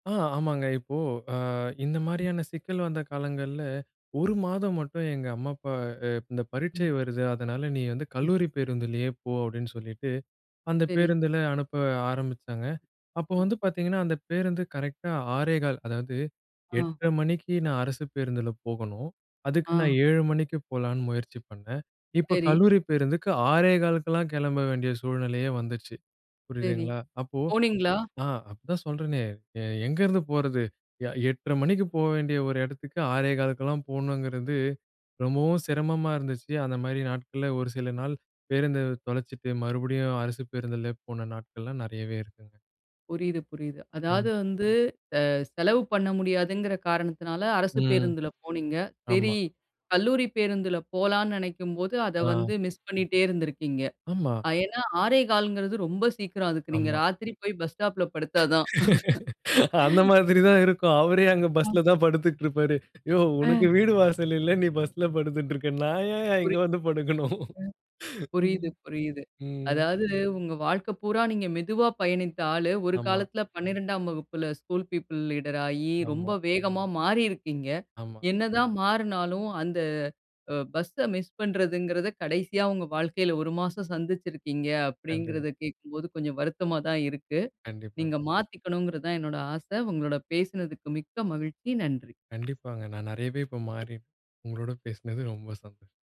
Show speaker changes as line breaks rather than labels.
ஆ, ஆமாங்க. இப்போ அ, இந்த
ம்.
மாரியான சிக்கல் வந்த காலங்கள்ல 1 மாதம் மட்டும் எங்க அம்மா, அப்பா அ, இந்த பரீட்சை
ம்.
வருது, அதனால நீ வந்து
ம்.
கல்லூரி பேருந்திலே போ அப்படின்னு சொல்லிட்டு அந்த
சரி.
பேருந்துல அனுப்ப ஆரம்பிச்சாங்க. அப்போ
ஆ.
வந்து பார்த்தீங்கன்னா, அந்த பேருந்து கரெக்ட்டா 6:15 அதாவது
ஆ.
8:30 மணிக்கு நான் அரசு பேருந்துல போகணும். அதுக்கு நான்
ஆ.
7:00 மணிக்கு போலான்னு முயற்சி பண்ணேன். இப்போ
சரி.
கல்லூரி பேருந்துக்கு 6:15க்கெல்லாம் கிளம்ப வேண்டிய சூழ்நிலையே வந்துச்சு,
சரி,
புரியுதுங்களா? அப்போ.
போனீங்களா?
ஆ, அதான் சொல்றனே எ எங்கிருந்து போறது எ 8:30 மணிக்கு போக வேண்டிய ஒரு இடத்துக்கு 6:15க்கெல்லாம் போணுங்கிறது ரொம்பவும் சிரமமா இருந்துச்சு. அந்த மாதிரி நாட்கள்ல ஒரு சில நாள் பேருந்தை தொலைச்சுட்டு மறுபடியும் அரசு பேருந்துல போன நாட்கள்லாம் நிறையவே இருக்குங்க.
புரியுது, புரியுது. அதாவது
ம்.
வந்து, அ, செலவு பண்ண முடியாதுங்கிற காரணத்தினால அரசு
ம்
பேருந்துல போனீங்க. சரி.
ஆமா.
கல்லூரி பேருந்துல போலான்னு நெனைக்கும்போது, அத
ஆ.
வந்து மிஸ் பண்ணிட்டே இருந்திருக்கீங்க.
ஆமா.
பயண 6:15ங்கறது ரொம்ப சீக்கிரம். அதுக்கு நீங்க
ஆமா.
ராத்திரி போய் பஸ் ஸ்டாப்ல படுத்தா தான்.
அந்த மாதிரி தான் இருக்கும். அவரே அங்க
ம்.
பஸ்ல தான் படுத்துட்டு இருப்பாரு. யோவ் உனக்கு
ஆ.
வீடு வாசல் இல்ல நீ பஸ்ல படுத்துட்டு இருக்க. நான் ஏன்யா இங்க
புரியுது. ம்.
வந்து படுக்கணும்? ம்.
புரியுது, புரியுது.
ம்.
அதாவது உங்க வாழ்க்க பூரா நீங்க மெதுவா பயணித்த ஆளு, ஒரு
ஆமா.
காலத்தில 12ஆம் வகுப்புல ஸ்கூல் பிப்பிள் லீடர் ஆயி ரொம்ப
ஆமா.
வேகமா மாறியிருக்கீங்க.
ஆமா.
என்னதான் மாறுனாலும், அந்த அ, பஸ்ஸை மிஸ் பண்ணுறதுங்கிறத கடைசியா உங்க வாழ்க்கையில 1 மாசம் சந்துச்சிருக்கீங்க
கண்டிப்
அப்படிங்கிறத கேக்கும்போது கொஞ்சம் வருத்தமா தான் இருக்கு.
கண்டிப்பா.
நீங்க மாத்திக்கணுங்கிறது தான் என்னோட ஆசை உங்களோட பேசுனதுக்கு மிக்க மகிழ்ச்சி. நன்றி.
கண்டிப்பாங்க. நான் நிறையவே இப்ப மாறி உங்களோடு பேசினது ரொம்ப சந்தோஷம்.